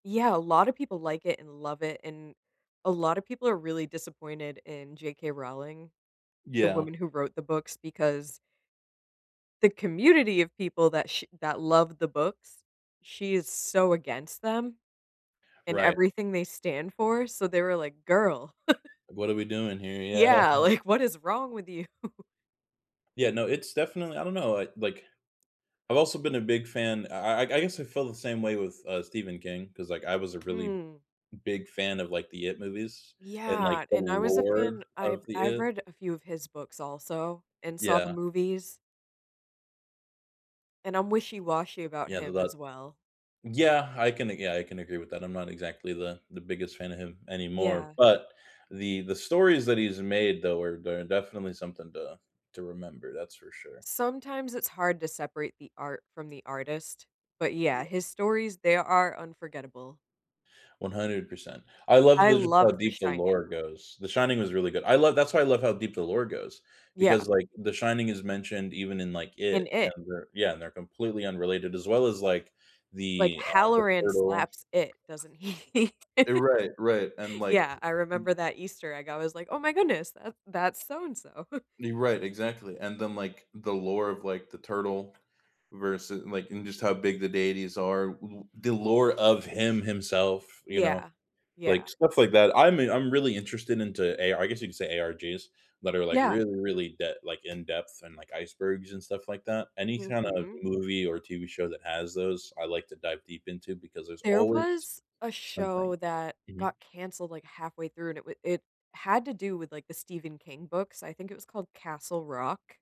Yeah, a lotta people like it and love it, and a lotta people are really disappointed in J.K. Rowling, the Yeah. woman who wrote the books, because the community of people that sh that loved the books, she is so against them and Right. everything they stand for, so they were, like, "Girl." "What are we doing here?" Yeah. Yeah, like, "What is wrong with you?" Yeah, no, it's definitely I don't know it, like I've also been a big fan. I I I guess I feel the same way with, uh, Stephen King, 'cause, like, I was a really Mm. big fan of, like, the It movies and, like, Yeah, the and I was a lore fan. I've of the I've It. read a few of his books also and saw the Yeah. movies and I'm wishy-washy about Yeah, th him that as well. Yeah, I can a yeah, I can agree with that. I'm not exactly the the biggest fan of him anymore, Yeah. but the the stories that he's made though are de definitely something to to remember, that's for sure. Sometimes it's hard to separate the art from the artist, but yeah, Yeah. his stories, they are unforgettable. 100%. I love I the just how loved The deep the Shining. lore goes. The Shining was really good. I love that's why I love how deep the lore goes, Yeah. because, like, The Shining is mentioned even in, like, And It, It. and they're yeah and they're completely unrelated, as well as, like, Like the, uh, the Halloran Turtle slaps It, doesn't he? Eh, right, right, and like Yeah, I t m remember that Easter egg. I was like, "Oh my goodness, that that's so and so." You're right, exactly, and then, like, the lore of like the Turtle versu and, like, and just how big the deities are, th the lore of him himself, you know, Yeah, yeah. like stuff like that. I'm i I'm really interested into AR I guess you could say ARGs that are, like, Yeah. really, really de like, in depth and, like, icebergs and stuff like that, any kind of Mhm. movie or TV show that has those, I like to dive deep into because there's There always was a something. show that Mhm. got canceled, like, halfway through and wi it had to do with, like, the Stephen King books. I think it was called Castle Rock.